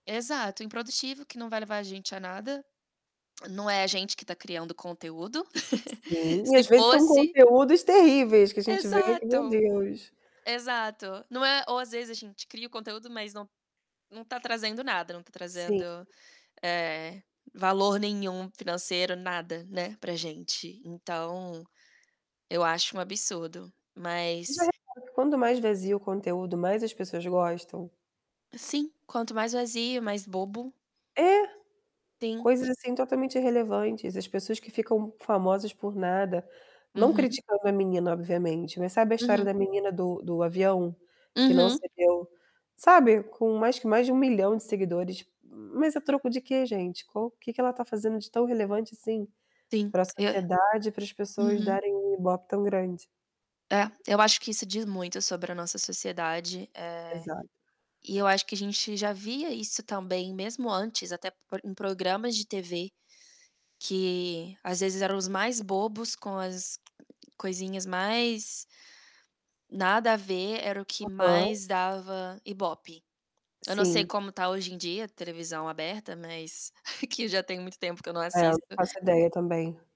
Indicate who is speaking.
Speaker 1: Exato. Improdutivo, que não vai levar a gente a nada. Não é a gente que tá criando conteúdo.
Speaker 2: Sim. E
Speaker 1: Se
Speaker 2: às vezes são
Speaker 1: fosse
Speaker 2: conteúdos terríveis que a gente vê que, meu
Speaker 1: Exato.
Speaker 2: Deus!
Speaker 1: Exato. Não é ou às vezes a gente cria o conteúdo, mas não não tá trazendo nada, não tá
Speaker 2: Sim.
Speaker 1: trazendo eh, valor nenhum financeiro, nada, né, pra gente. Então eu acho um absurdo.
Speaker 2: Já
Speaker 1: Mas
Speaker 2: reparou que quanto mais vazio o conteúdo, mais as pessoas gostam?
Speaker 1: Sim. Quanto mais vazio, mais bobo.
Speaker 2: É!
Speaker 1: Sim.
Speaker 2: coisas, assim, totalmente irrelevantes. As pessoas que ficam famosas por nada. Não
Speaker 1: Uhum.
Speaker 2: criticando a menina, obviamente, né. Sabe a história
Speaker 1: Uhum.
Speaker 2: da menina do do avião que não
Speaker 1: Uhum.
Speaker 2: cedeu sabe, com mais que mais de 1.000.000 de seguidores, mas a troco de que, gente? Qual que que ela tá fazendo de tão relevante assim
Speaker 1: Sim.
Speaker 2: pra
Speaker 1: Eu
Speaker 2: sociedade, pras pessoas
Speaker 1: Uhum.
Speaker 2: darem um IBOPE tão grande?
Speaker 1: É. Eu acho que isso diz muito sobre a nossa sociedade. Eh,
Speaker 2: Exa
Speaker 1: e eu acho que a gente já via isso também mesmo antes, até por em programas de TV que, às vezes, eram os mais bobos, com as coisinhas mais nada a ver, era o que
Speaker 2: Aham.
Speaker 1: mais dava IBOPE. Eu não sei
Speaker 2: Sim.
Speaker 1: como tá hoje em dia televisão aberta, mas que já tem muito tempo que eu não
Speaker 2: É, não
Speaker 1: assisto
Speaker 2: faço ideia também.